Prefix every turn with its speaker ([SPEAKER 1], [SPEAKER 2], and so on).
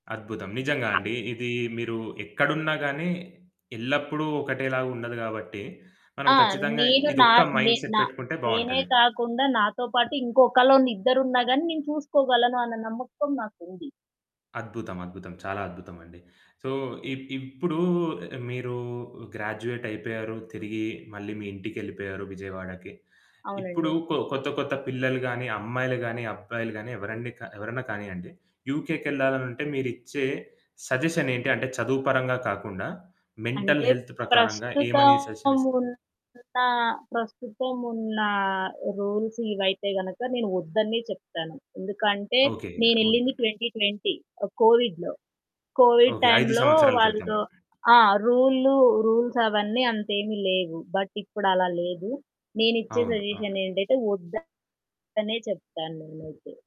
[SPEAKER 1] అద్భుతం. నిజంగా అండి. ఇది మీరు ఎక్కడున్నా గాని ఎల్లప్పుడు ఒకటేలాగుండదు కాబట్టి, మనం
[SPEAKER 2] ఆ!
[SPEAKER 1] ఖచ్చితంగా
[SPEAKER 2] నేను నా
[SPEAKER 1] ఇదొక్క మైండ్‌సెట్
[SPEAKER 2] నెనా
[SPEAKER 1] పెట్టుకుంటే
[SPEAKER 2] నేనే
[SPEAKER 1] బావుంటది.
[SPEAKER 2] కాకుండా నాతో పాటు ఇంకొకలో ఇద్దరున్నా గాని నేను చూసుకోగలను అన్న నమ్మకం నాకుంది.
[SPEAKER 1] అద్భుతం, అద్భుతం చాలా అద్భుతమండి. సో, ఇ ఇప్పుడు మీరు గ్రాడ్యుయేట్ అయిపోయారు తిరిగి మళ్ళి మీ ఇంటికెళ్ళిపోయారు 'విజయవాడకి'. ఇప్పుడు
[SPEAKER 2] అవునండి.
[SPEAKER 1] కొ కొత్త కొత్త పిల్లలు గాని, అమ్మాయిలు గానీ, అబ్బాయిలు గానీ, ఎవరండి కా ఎవరన్నా కానియ్యండి యుకెకెళ్ళాలనుంటే మీరిచ్చే సజెషన్ ఏంటి? అంటే చదువు పరంగా కాకుండా మెంటల్
[SPEAKER 2] అంటే
[SPEAKER 1] హెల్త్ ప్రకారంగా ఏమని
[SPEAKER 2] ప్రస్తుతం
[SPEAKER 1] సజెషనిస్తారు?
[SPEAKER 2] ఉన్న ప్రస్తుతం ఉన్న రూల్స్ ఇవైతే గనక నేను వద్దనే చెప్తాను. ఎందుకంటే
[SPEAKER 1] ఓకే.
[SPEAKER 2] నేనెళ్ళింది
[SPEAKER 1] ఓకే.
[SPEAKER 2] 2020 కోవిడ్‌లో. Covid
[SPEAKER 1] okay. 5
[SPEAKER 2] టైంలో
[SPEAKER 1] సంవత్సరాల క్రితం.
[SPEAKER 2] వాళ్ళు ఆ! రూళ్ళు రూల్సవన్నీ అంత ఏమి లేవు. బట్ ఇప్పుడలా లేదు. నేనిచ్చే
[SPEAKER 1] అవును.
[SPEAKER 2] సజెషన్
[SPEAKER 1] అవును.
[SPEAKER 2] ఏంటంటే వద్దనే చెప్తాను నేనైతే.